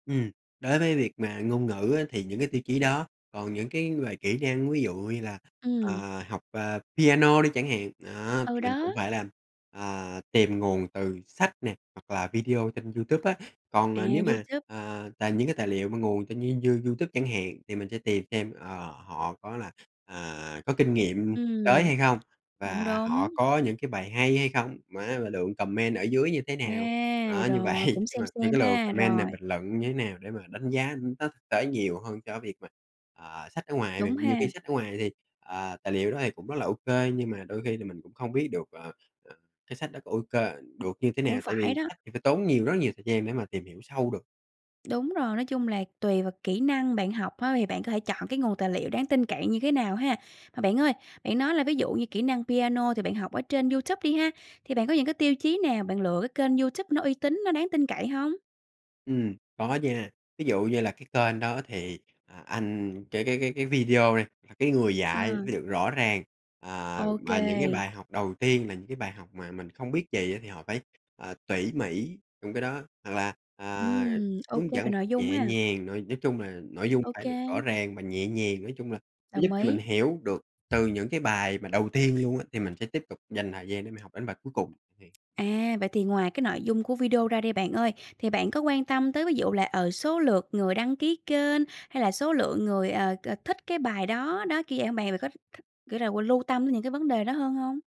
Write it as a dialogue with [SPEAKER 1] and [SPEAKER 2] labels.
[SPEAKER 1] Ừm, đối với việc mà ngôn ngữ á thì những cái tiêu chí đó. Còn những cái về kỹ năng, ví dụ như là,
[SPEAKER 2] Ừm.
[SPEAKER 1] à, học, à, piano đi chẳng hạn, đó,
[SPEAKER 2] Ừ,
[SPEAKER 1] thì mình
[SPEAKER 2] đó.
[SPEAKER 1] cũng phải làm, à, tìm nguồn từ sách nè hoặc là video trên Youtube á. Còn,
[SPEAKER 2] À,
[SPEAKER 1] ờ, nếu mà,
[SPEAKER 2] Youtube.
[SPEAKER 1] ờ, tài những cái tài liệu mà nguồn trên You Youtube chẳng hạn thì mình sẽ tìm xem, ờ, họ có là, à, có kinh nghiệm tới
[SPEAKER 2] Ừm,
[SPEAKER 1] hay hông?
[SPEAKER 2] cũng
[SPEAKER 1] Và họ
[SPEAKER 2] đúng.
[SPEAKER 1] có những cái bài hay hay không? Má mà lượng comment ở dưới như thế nào?
[SPEAKER 2] À,
[SPEAKER 1] Đó, như vậy,
[SPEAKER 2] rồi cũng
[SPEAKER 1] đúng
[SPEAKER 2] same
[SPEAKER 1] rồi, thêm
[SPEAKER 2] same
[SPEAKER 1] cái lượt
[SPEAKER 2] ha,
[SPEAKER 1] comment này
[SPEAKER 2] rồi.
[SPEAKER 1] bình luận như thế nào để mà đánh giá, ưm, nó thực tế nhiều hơn cho việc mà, à, sách ở ngoài
[SPEAKER 2] Đúng
[SPEAKER 1] bạn. Nhiều
[SPEAKER 2] ha.
[SPEAKER 1] khi sách ở ngoài thì, ờ, tài liệu đó thì cũng rất là ô kê nhưng mà đôi khi là mình cũng không biết được, ờ, ờ, cái sách đó có ô kê, được như thế
[SPEAKER 2] Cũng
[SPEAKER 1] nào? Tại
[SPEAKER 2] phải
[SPEAKER 1] vì
[SPEAKER 2] đó.
[SPEAKER 1] sách thì phải tốn nhiều, rất nhiều thời gian để mà tìm hiểu sâu được.
[SPEAKER 2] Đúng rồi, nói chung là tùy vào kỹ năng bạn học á thì bạn có thể chọn cái nguồn tài liệu đáng tin cậy như thế nào ha. Mà bạn ơi, bạn nói là ví dụ như kỹ năng piano thì bạn học ở trên Youtube đi ha, thì bạn có những cái tiêu chí nào bạn lựa cái kênh Youtube nó uy tín, nó đáng tin cậy hông?
[SPEAKER 1] Ừm, có nha. Ví dụ như là cái kênh đó thì, à, anh cái cái cái cái video đi, là cái người dạy phải
[SPEAKER 2] À.
[SPEAKER 1] được rõ ràng, à,
[SPEAKER 2] Ô
[SPEAKER 1] mà những cái
[SPEAKER 2] kê.
[SPEAKER 1] bài học đầu tiên là những cái bài học mà mình không biết gì á thì họ phải, à, tỉ mỉ trong cái đó. Hoặc là, à,
[SPEAKER 2] Ừm. Ô
[SPEAKER 1] hướng
[SPEAKER 2] kê
[SPEAKER 1] dẫn
[SPEAKER 2] về
[SPEAKER 1] một cách
[SPEAKER 2] nội dung
[SPEAKER 1] nhẹ
[SPEAKER 2] ha.
[SPEAKER 1] nhàng, nói nói chung là nội dung
[SPEAKER 2] Ô
[SPEAKER 1] phải được rõ
[SPEAKER 2] kê.
[SPEAKER 1] ràng và nhẹ nhàng, nói chung là nó giúp
[SPEAKER 2] Đồng
[SPEAKER 1] cho mình
[SPEAKER 2] ý.
[SPEAKER 1] hiểu được từ những cái bài mà đầu tiên luôn á thì mình sẽ tiếp tục dành thời gian để mình học đến bài cuối cùng, thiệt.
[SPEAKER 2] À, vậy thì ngoài cái nội dung của video ra đi bạn ơi, thì bạn có quan tâm tới ví dụ là, ờ, số lượt người đăng ký kênh hay là số lượng người, ờ, c thích cái bài đó. Đó, kiểu vậy hông bạn? Bạn có thích thích, kiểu là, lưu tâm đến những cái vấn đề đó hơn hông?